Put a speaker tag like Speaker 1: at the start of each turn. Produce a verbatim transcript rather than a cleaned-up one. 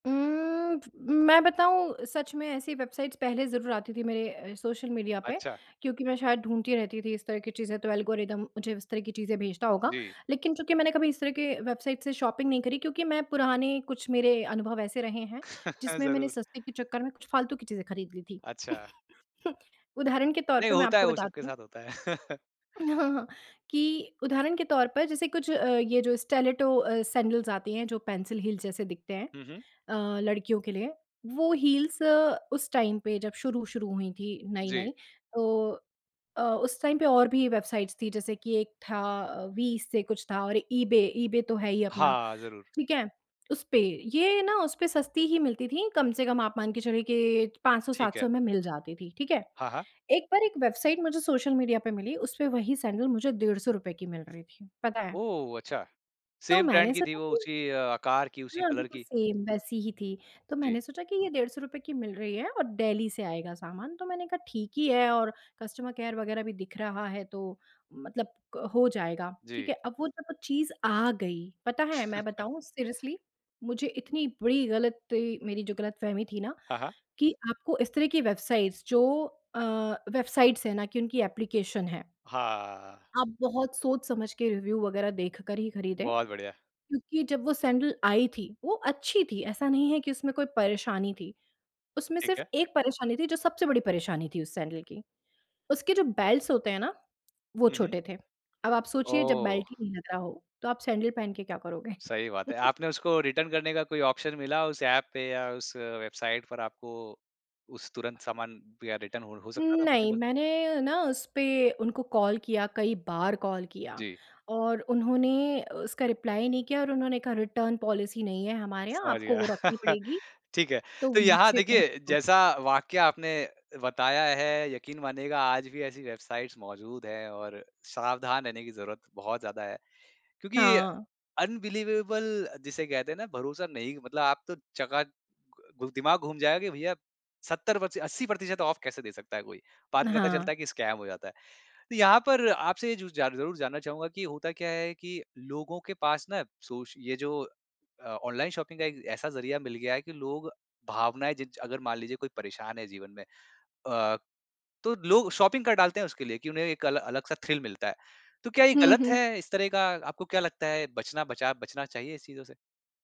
Speaker 1: उम्म, मैं बताऊँ सच में ऐसी वेबसाइट्स पहले ज़रूर आती थी मेरे अ, सोशल मीडिया पे
Speaker 2: अच्छा।
Speaker 1: क्योंकि मैं शायद ढूँढती रहती थी इस तरह की चीज़ें, तो एल्गोरिदम मुझे इस तरह की चीज़ें भेजता होगा।
Speaker 2: जी।
Speaker 1: लेकिन चूँकि मैंने कभी इस तरह के वेबसाइट से शॉपिंग नहीं करी क्योंकि मैं पुराने कुछ मेरे अनुभव ऐसे रहे हैं जिसमें मैंने
Speaker 2: ज़रूर।
Speaker 1: सस्ते के चक्कर में कुछ फ़ालतू की चीज़ें खरीद ली थीं।
Speaker 2: अच्छा।
Speaker 1: उदाहरण के तौर
Speaker 2: नहीं
Speaker 1: पे मैं
Speaker 2: होता है,
Speaker 1: आपको
Speaker 2: वो सबके
Speaker 1: बताती हूँ
Speaker 2: साथ होता है।
Speaker 1: उ, हाँ, हाँ कि उदाहरण के तौर पर जैसे कुछ अ, ये जो स्टिलेटो अ, सैंडल्स आती हैं जो पेंसिल हील्स जैसे दिखते हैं
Speaker 2: हुँ, हुँ।
Speaker 1: अ, लड़कियों के लिए, वो हील्स उस टाइम पे जब शुरू-शुरू हुई थी
Speaker 2: जी।
Speaker 1: नई-नई तो अ, उस टाइम पे और भी वेबसाइट्स थीं जैसे कि एक था वी से कुछ था और ईबे, ईबे तो है ही अपना,
Speaker 2: हाँ, ज़रूर।
Speaker 1: ठीक है। उस पे ये ना उस पे सस्ती ही मिलती थी कम से कम आप मान के चलिए कि पाँच सौ
Speaker 2: ठीक
Speaker 1: सात
Speaker 2: है।
Speaker 1: सौ में मिल जाती थीं, ठीक है।
Speaker 2: हाँ, हाँ।
Speaker 1: एक बार एक वेबसाइट मुझे सोशल मीडिया पे मिली उस पे वहीं सैंडल मुझे डेड़ सौ रुपये की मिल रही थी, पता है।
Speaker 2: ओह! अच्छा,
Speaker 1: तो
Speaker 2: सेम ब्रांड
Speaker 1: मैंने
Speaker 2: की थी
Speaker 1: सोचा
Speaker 2: वो,
Speaker 1: कि
Speaker 2: उसी आकार की, उसी
Speaker 1: हाँ,
Speaker 2: कलर
Speaker 1: बिल्कुल
Speaker 2: की?
Speaker 1: सेम वैसी ही थी। तो
Speaker 2: जी।
Speaker 1: मैंने सोचा कि ये डेढ़ सौ रुपये की मिल रही है और डेल्ही से आएगा सामान, तो मैंने कहा ठीक ही है और कस्टमर केयर वग़ैरह भी दिख रहा है तो मतलब क हो जाएगा, ठीक
Speaker 2: जी।
Speaker 1: है। अब वो जब चीज़ आ गई, पता है मैं बताऊँ सीरियसली मुझे इतनी बड़ी गलती मेरी जो गलतफ़हमी थी ना
Speaker 2: हाँ, हाँ।
Speaker 1: कि आपको इस तरह की वेबसाइट्स जो अ, वेबसाइट्स है ना कि उनकी एप्लीकेशन है।
Speaker 2: हाँ।
Speaker 1: आप बहुत सोच-समझ के, रिव्यू वग़ैरह देखकर ही खरीदें।
Speaker 2: बहुत बढ़िया।
Speaker 1: क्योंकि जब वो सैंडल आई थी वो अच्छी थी, ऐसा नहीं है कि उसमें कोई परेशानी थी। उसमें
Speaker 2: ठीक
Speaker 1: सिर्फ़
Speaker 2: है।
Speaker 1: एक परेशानी थी, जो सबसे बड़ी परेशानी थी उस सैंडल की। उसके जो बेल्ट्स होते हैं ना, वो
Speaker 2: हुँ, हुँ।
Speaker 1: छोटे थे। अब आप सोचिए जब बेल्ट ही
Speaker 2: ओह!
Speaker 1: नहीं लग रहा हो, तो आप सैंडल पहन के क्या करोगे?
Speaker 2: सही बात है। आपने उसको रिटर्न करने का कोई ऑप्शन मिला उस ऐप पे या उस वेबसाइट पर आपको उस तुरंत सामान या रिटर्न हो हो
Speaker 1: उम,
Speaker 2: सकता था
Speaker 1: नहीं
Speaker 2: पॉसिबल?
Speaker 1: मैंने ना उस पे उनको कॉल किया, कई बार कॉल किया
Speaker 2: जी।
Speaker 1: और उन्होंने उसका रिप्लाई नहीं किया और उन्होंने कहा रिटर्न पॉलिसी नहीं है हमारे यहाँ,
Speaker 2: समझ
Speaker 1: आपको
Speaker 2: गया।
Speaker 1: वो रखनी पड़ेगी।
Speaker 2: ठीक है,
Speaker 1: तो
Speaker 2: तो यहाँ
Speaker 1: मुझे बहुत
Speaker 2: देखिए
Speaker 1: दुःख
Speaker 2: जैसा वाकया आपने बताया है यकीन मानिएगा आज भी ऐसी वेबसाइट्स मौजूद हैं और सावधान रहने की ज़रूरत बहुत ज़्यादा है। क्योंकि
Speaker 1: हाँ।
Speaker 2: अनबिलीवेबल जिसे कहते हैं ना, भरोसा नहीं मतलब आप तो चका घु दिमाग घूम जाएगा कि भैया सत्तर पस्सी अस्सी प्रतिशत ऑफ कैसे दे सकता है कोई? बाद में पता
Speaker 1: हाँ।
Speaker 2: चलता है कि स्कैम हो जाता है। तो यहाँ पर आपसे ये जू जार ज़रूर जानना चाहूँगा कि होता क्या है कि लोगों के पास ना सोच ये जो अ, ऑनलाइन शॉपिंग का एक ऐसा ज़रिया मिल गया है कि लोग भावनाएँ जिज अगर मान लीजिए कोई परेशान है जीवन में अ, तो लोग शॉपिंग कर डालते हैं उसके लिए कि उन्हें एक अला अलग-सा थ्रिल मिलता है। तो क्या ये
Speaker 1: हुँ,
Speaker 2: गलत
Speaker 1: हुँ।
Speaker 2: है? इस तरह का आपको क्या लगता है बचना बचा बचना चाहिए इस चीज़ों से?